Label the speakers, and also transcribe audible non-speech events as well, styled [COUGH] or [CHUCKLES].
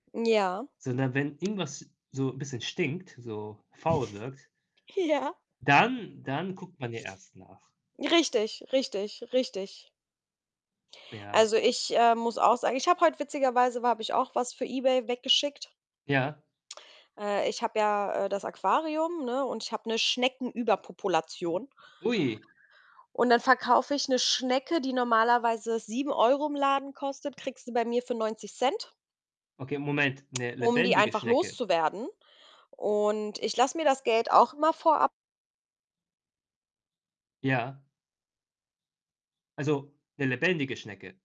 Speaker 1: Ja.
Speaker 2: Sondern wenn irgendwas so 'n bisschen stinkt, so faul wirkt
Speaker 1: [CHUCKLES] Ja.
Speaker 2: dann dann guckt man ja erst nach.
Speaker 1: Richtig, richtig, richtig.
Speaker 2: Ja.
Speaker 1: Also, ich, äh, muss auch sagen ich habe heute witzigerweise war habe ich auch was für eBay weggeschickt.
Speaker 2: Ja.
Speaker 1: Äh, ich habe ja, äh, das Aquarium, ne, und ich habe 'ne Schnecken-Überpopulation
Speaker 2: Ui.
Speaker 1: und dann verkaufe ich 'ne Schnecke, die normalerweise 7 € im Laden kostet, kriegst du bei mir für 0,90€
Speaker 2: Okay, Moment. 'Ne
Speaker 1: um die
Speaker 2: lebendige
Speaker 1: einfach
Speaker 2: Schnecke?
Speaker 1: loszuwerden und ich lasse mir das Geld auch immer vorab
Speaker 2: Ja. Also, 'ne lebendige Schnecke?